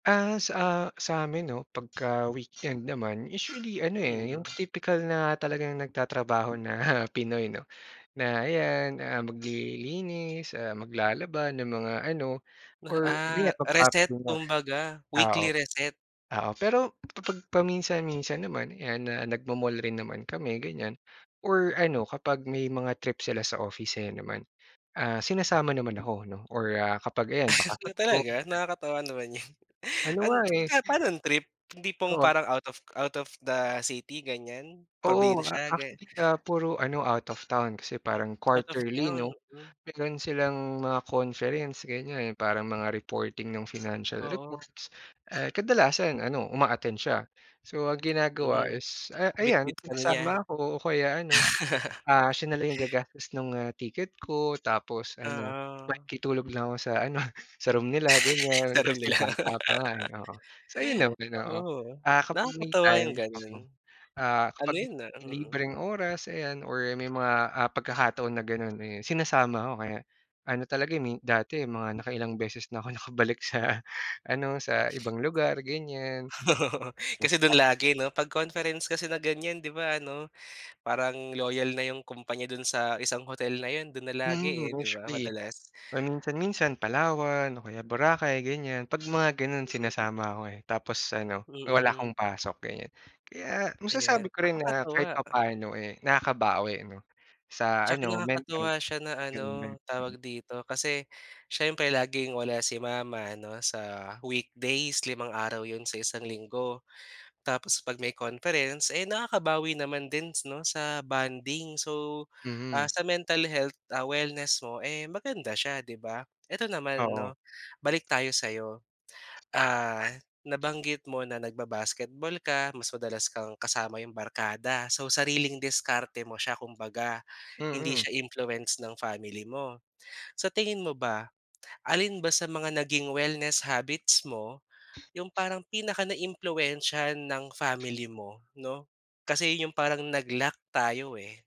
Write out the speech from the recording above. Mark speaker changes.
Speaker 1: Ah, sa a sa'min, 'no, pagka weekend naman usually ano, eh, yung
Speaker 2: Mm.
Speaker 1: tipikal na talagang nagtatrabaho na Pinoy, 'no, na 'yan, ah, maglilinis, ah, maglalaba ng mga ano
Speaker 2: Na,
Speaker 1: or
Speaker 2: ah,
Speaker 1: ganiyan.
Speaker 2: reset
Speaker 1: [unintelligible]
Speaker 2: kumbaga,
Speaker 1: Ah,
Speaker 2: weekly
Speaker 1: oh.
Speaker 2: reset.
Speaker 1: Oo, pero kapag paminsan-minsan naman 'yan na nagmo-mall rin naman kami ganyan or ano kapag may mga trip sila sa office ayan naman, ah, sinasama naman ako, 'no, or ah, kapag ayan, bakasyon ko.
Speaker 2: Talaga nakakatuwa naman yun.
Speaker 1: Ano
Speaker 2: An
Speaker 1: nga, eh.
Speaker 2: teka, panong trip, yung tipong
Speaker 1: Oo.
Speaker 2: parang out of out of the city, ganiyan.
Speaker 1: Oo, ah,
Speaker 2: Probinsya, ga
Speaker 1: actually na puro ano out of town kasi parang
Speaker 2: Out of
Speaker 1: quarterly,
Speaker 2: town,
Speaker 1: 'no?
Speaker 2: hmm.
Speaker 1: Meron silang mga conference gan'yan 'yong parang mga reporting nung financial
Speaker 2: Oo.
Speaker 1: reports, ah, kadalasan ano uma-attend siya. So, ang ginagawa
Speaker 2: Hmm,
Speaker 1: is, ah,
Speaker 2: bitbit
Speaker 1: ayan
Speaker 2: ka na niya.
Speaker 1: sinasama ako o kaya ano, ah, siya na lang yung gagastos nung, ah, ticket ko tapos ano
Speaker 2: Oo.
Speaker 1: makikitulog lang ako sa ano, sa room nila ganiyan.
Speaker 2: Laro
Speaker 1: Kasi nga
Speaker 2: nila.
Speaker 1: bata pa nga, eh, oo. So, yun naman oo,
Speaker 2: Oo,
Speaker 1: ah, kapag may
Speaker 2: nakakatuwa yung
Speaker 1: time
Speaker 2: gano'n.
Speaker 1: ako, ah,
Speaker 2: Ano
Speaker 1: kapag
Speaker 2: yun na mm.
Speaker 1: libreng oras ayan or may mga, ah, pagkakataon na gano'n, eh, sinasama ako kaya ano talaga, eh, min dati mga nakailang beses na ako nakabalik sa, ah, ano, sa ibang lugar ganiyan.
Speaker 2: Oo, kasi dun
Speaker 1: [unintelligible]
Speaker 2: lagi, 'no? Pag conference kasi na gan'yan di ba ano, parang loyal na yung kumpanya dun sa isang hotel na 'yon do'n na lagi,
Speaker 1: Mm,
Speaker 2: eh, di ba,
Speaker 1: usually
Speaker 2: madalas.
Speaker 1: paminsan-minsan
Speaker 2: Hmm.
Speaker 1: Palawan o kaya Boracay ganiyan, pag mga gano'n
Speaker 2: Mm.
Speaker 1: sinasama ako, eh. Tapos ano wala
Speaker 2: Mm.
Speaker 1: akong pasok ganiyan. Kaya
Speaker 2: Ayan,
Speaker 1: masasabi ko rin na kahit
Speaker 2: nakakatuwa.
Speaker 1: papaano, eh, nakakabawi, 'no, sa
Speaker 2: Tsaka,
Speaker 1: ano mental
Speaker 2: nakakatuwa siya na
Speaker 1: gano'n nga,
Speaker 2: ano
Speaker 1: mm.
Speaker 2: tawag dito, kasi siyempre laging wala si mama ano sa weekdays limang araw 'yon sa isang linggo. Tapos 'pag may conference, eh, nakakabawi naman dins, 'no, sa bonding. So, ah,
Speaker 1: Mm.
Speaker 2: sa mental health, ah, wellness mo, eh, maganda siya, 'di ba? Ito, naman,
Speaker 1: Oo.
Speaker 2: 'no, balik tayo sa'yo. Ah, nabanggit mo na nagba-basketball ka mas madalas kang kasama 'yong barkada. So, sariling diskarte mo siya kumbaga, hindi
Speaker 1: Mm.
Speaker 2: siya influence ng family mo. Sa tingin mo ba, alin ba sa mga naging wellness habits mo yung parang pinakanaiimpluwensiyahan ng family mo, 'no? Kasi yung parang nag-lack tayo, eh.